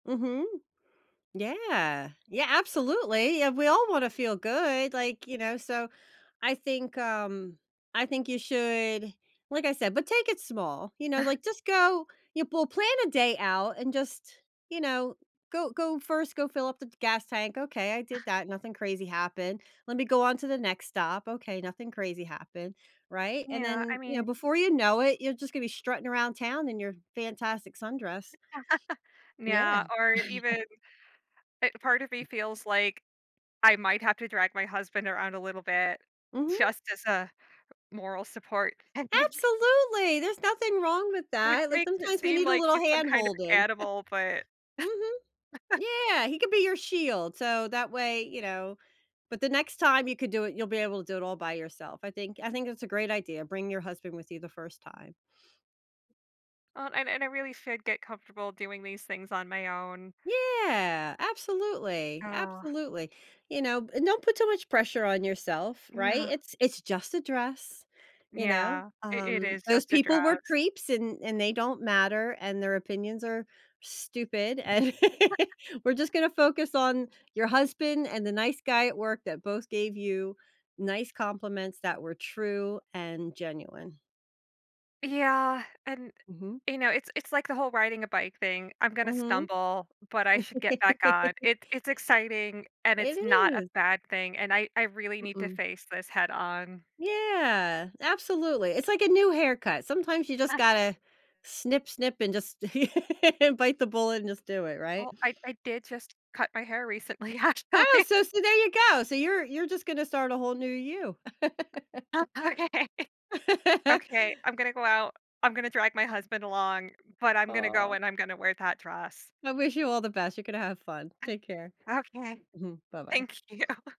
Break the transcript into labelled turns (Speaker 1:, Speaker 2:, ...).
Speaker 1: Mhm. Yeah. Yeah, absolutely, yeah, we all wanna feel good. Like, you know, so I think, um I think you should like I said, but take it small, you know?
Speaker 2: Ah.
Speaker 1: Like, just go you pull plan a day out and just you know, go go 1st go fill up the gas tank, okay I
Speaker 2: Ah.
Speaker 1: did that, nothing crazy happened. Let me go on to the next stop okay, nothing crazy happened right? And
Speaker 2: Yeah, I
Speaker 1: then you
Speaker 2: mean
Speaker 1: know, before you know it, you're just gonna be strutting around town in your fantastic sundress. Yeah.
Speaker 2: Yeah, or even eh part of me feels, like, I might have to drag my husband around a little bit
Speaker 1: Mhm.
Speaker 2: just as a moral support thing.
Speaker 1: Absolutely. There's nothing wrong with
Speaker 2: Which
Speaker 1: that. Like,
Speaker 2: makes it
Speaker 1: sometimes we
Speaker 2: seem
Speaker 1: need a
Speaker 2: like
Speaker 1: little
Speaker 2: he's some
Speaker 1: hand
Speaker 2: kind of
Speaker 1: holding.
Speaker 2: animal, but
Speaker 1: Mhm. Yeah, he could be your shield, so that way, you know? But the next time you could do it, you'll be able to do it all by yourself, I think I think it's a great idea, bring your husband with you the 1st time.
Speaker 2: Uh, and and I really should get comfortable doing these things on my own.
Speaker 1: Yeah, absolutely,
Speaker 2: Oh.
Speaker 1: absolutely. You know b don't put too much pressure on yourself, right?
Speaker 2: Yeah.
Speaker 1: It's it's just a dress, you know?
Speaker 2: Yeah. I it
Speaker 1: Um,
Speaker 2: is
Speaker 1: those
Speaker 2: just a
Speaker 1: people were
Speaker 2: dress.
Speaker 1: creeps, and and they don't matter, and their opinions are stupid, And, we're just gonna focus on your husband and the nice guy at work that both gave you nice compliments that were true and genuine.
Speaker 2: Yeah, and,
Speaker 1: Mhm.
Speaker 2: eh, you know, it's it's like the whole riding a bike thing. I'm gonna
Speaker 1: Mhm.
Speaker 2: stumble, but I should get back on. It it's exciting and
Speaker 1: It
Speaker 2: it's not a
Speaker 1: is.
Speaker 2: bad thing, and I I really need to
Speaker 1: Mm-mm.
Speaker 2: face this head on.
Speaker 1: Yeah. Absolutely. It's like a new haircut, sometimes you just
Speaker 2: Ha.
Speaker 1: gotta snip snip and just, bite the bullet and just do it right?
Speaker 2: Oh, I I did just cut my hair recently
Speaker 1: Oh,
Speaker 2: actually.
Speaker 1: so so there you go so, you're you're just gonna start a whole new you.
Speaker 2: Oh, okay. Okay. I'm gonna go out. I'm gonna drag my husband along, but I'm gonna go
Speaker 1: Aw.
Speaker 2: and I'm gonna wear that dress.
Speaker 1: I wish you all the best, you gonna have fun.
Speaker 2: I
Speaker 1: Take care.
Speaker 2: Okay.
Speaker 1: Mhm. Bye-bye.
Speaker 2: Thank you.